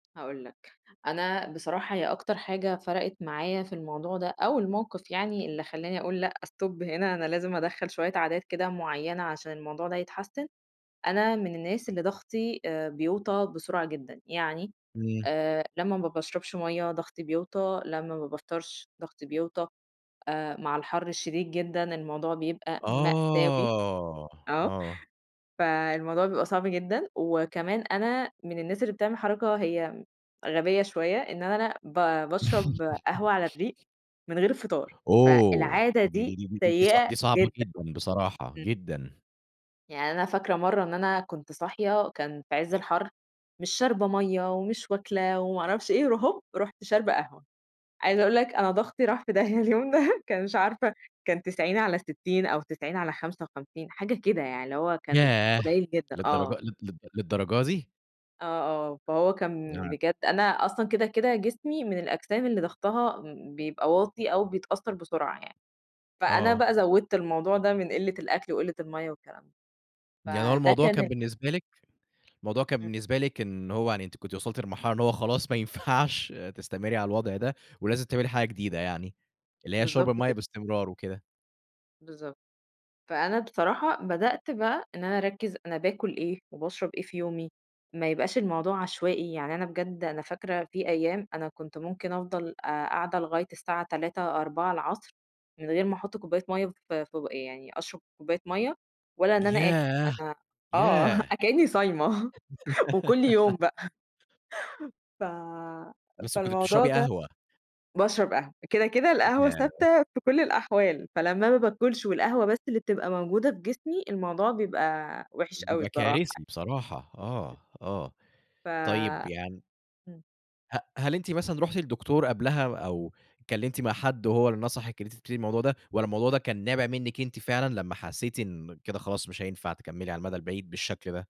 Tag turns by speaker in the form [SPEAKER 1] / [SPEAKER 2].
[SPEAKER 1] هأقول لك، أنا بصراحة هي أكتر حاجة فرقِت معايا في الموضوع ده أو الموقِف يعني اللي خلّاني أقول لأ stop هنا أنا لازم أدخّل شوية عادات كده معيّنة عشان الموضوع ده يتحسّن، أنا من الناس اللي ضغْطي آآ بيوطى بسرعة جدًا، يعني
[SPEAKER 2] إمم.
[SPEAKER 1] آآ، لمّا ما باشرَبش مَيّة ضغْطي بيوطى، لمّا ما بافطَرش ضغْطي بيوطى آآ، مع الحر الشديد جدًا الموضوع بيبقى مأساوي،
[SPEAKER 2] آه،
[SPEAKER 1] آه،
[SPEAKER 2] آه.
[SPEAKER 1] فالموضوع بيبقى صعب جدًا وكمان أنا من الناس اللي بتعمل حركة هي غبية شوية، إن أنا ب بأشرب قهوة على الرِّيق من غير فطار،
[SPEAKER 2] أوه!
[SPEAKER 1] فالعادة
[SPEAKER 2] دي دي
[SPEAKER 1] دي
[SPEAKER 2] دي دي دي صع
[SPEAKER 1] سيئة
[SPEAKER 2] دي صعبة
[SPEAKER 1] جدًا.
[SPEAKER 2] جدًا بصراحة،
[SPEAKER 1] إمم.
[SPEAKER 2] جدًا.
[SPEAKER 1] يعني أنا فاكرة مرَّة إن أنا كنت صاحية، كان في عِز الحَر، مش شاربة مَيّة ومش واكلة وما عرفش إيه، ر هوب، رُحت شاربة قهوة. عايزة أقول لك أنا ضغْطي راح في داهية اليوم ده، كان مش عارفة كان 90/60 أو 90/55 حاجة كده يعني، اللي هو كان
[SPEAKER 2] ياه!
[SPEAKER 1] قليّل جدًا.
[SPEAKER 2] للدرج
[SPEAKER 1] آه.
[SPEAKER 2] لد لد للدرجة دي!
[SPEAKER 1] آه، آه، فهو كان
[SPEAKER 2] نعم.
[SPEAKER 1] بجد أنا أصلًا كده، كده، جسمي من الأجسام اللي ضغْطها بيبقى واطي أو بيتأثّر بسرعة يعني، فأنا
[SPEAKER 2] آه.
[SPEAKER 1] بقى زوِّدت الموضوع ده من قِلّة الأكل وقِلّة المَيّة والكلام ده.
[SPEAKER 2] يعني هو
[SPEAKER 1] فده
[SPEAKER 2] الموضوع
[SPEAKER 1] كان
[SPEAKER 2] كان
[SPEAKER 1] ال
[SPEAKER 2] بالنسبة لِك، الموضوع كان
[SPEAKER 1] إمم.
[SPEAKER 2] بالنسبة لِك إن هو يعني أنتِ كنتِ وصَلتِ للمرحلة إن هو خلاص ما ينفعش تستمرّي على الوضع ده ولازم تعملي
[SPEAKER 1] إمم.
[SPEAKER 2] حاجة جديدة يعني، اللي هي شُرب
[SPEAKER 1] بالضبط
[SPEAKER 2] المَيّة
[SPEAKER 1] كده.
[SPEAKER 2] باستمرار وكده.
[SPEAKER 1] بالضبط. فأنا بصراحة بدأت بقى إن أنا أركّز أنا باكل إيه وباشرب إيه في يومي، ما يبقاش الموضوع عشوائي، يعني أنا بجد أنا فاكرة في أيام أنا كنت ممكن أفضَل، آآ قاعدة لغاية الساعة 15:00 ،16:00 العصْر من غير ما أحُط كوباية مَيّة ف في بوق يعني أشرَب كوباية مَيّة ولا إن أنا آكُل،
[SPEAKER 2] ياه،
[SPEAKER 1] أنا آه،
[SPEAKER 2] ياه!
[SPEAKER 1] أ كإني صايمة وكل يوم بقى. ف
[SPEAKER 2] بس كنتِ
[SPEAKER 1] فالموضوع
[SPEAKER 2] بتشربي
[SPEAKER 1] ده
[SPEAKER 2] قهوة؟
[SPEAKER 1] بأشرَب قهوة كده، كده، القهوة
[SPEAKER 2] ياه!
[SPEAKER 1] ثابتة في كلّ الأحوال، فلمّا أنا باكُلش والقهوة بس اللي بتبقى موجودة في جسمي، الموضوع بيبقى وِحش أوي
[SPEAKER 2] بيبقى
[SPEAKER 1] الصراحة
[SPEAKER 2] كارثي
[SPEAKER 1] يع
[SPEAKER 2] بصراحة. آه، آه.
[SPEAKER 1] ف
[SPEAKER 2] طيب يعني
[SPEAKER 1] إمم.
[SPEAKER 2] ه هل أنتِ مثلًا رُحتِ لدكتور قبْلها أو اتكلّمتِ مع حد وهو اللي نصَحِك إن أنتِ تبتدي الموضوع ده، والّا الموضوع ده كان نابِع منِك أنتِ فعلًا لمّا حسّيتِ إن كده خلاص مش هينفع تكمّلي على المدى البعيد بالشكل ده؟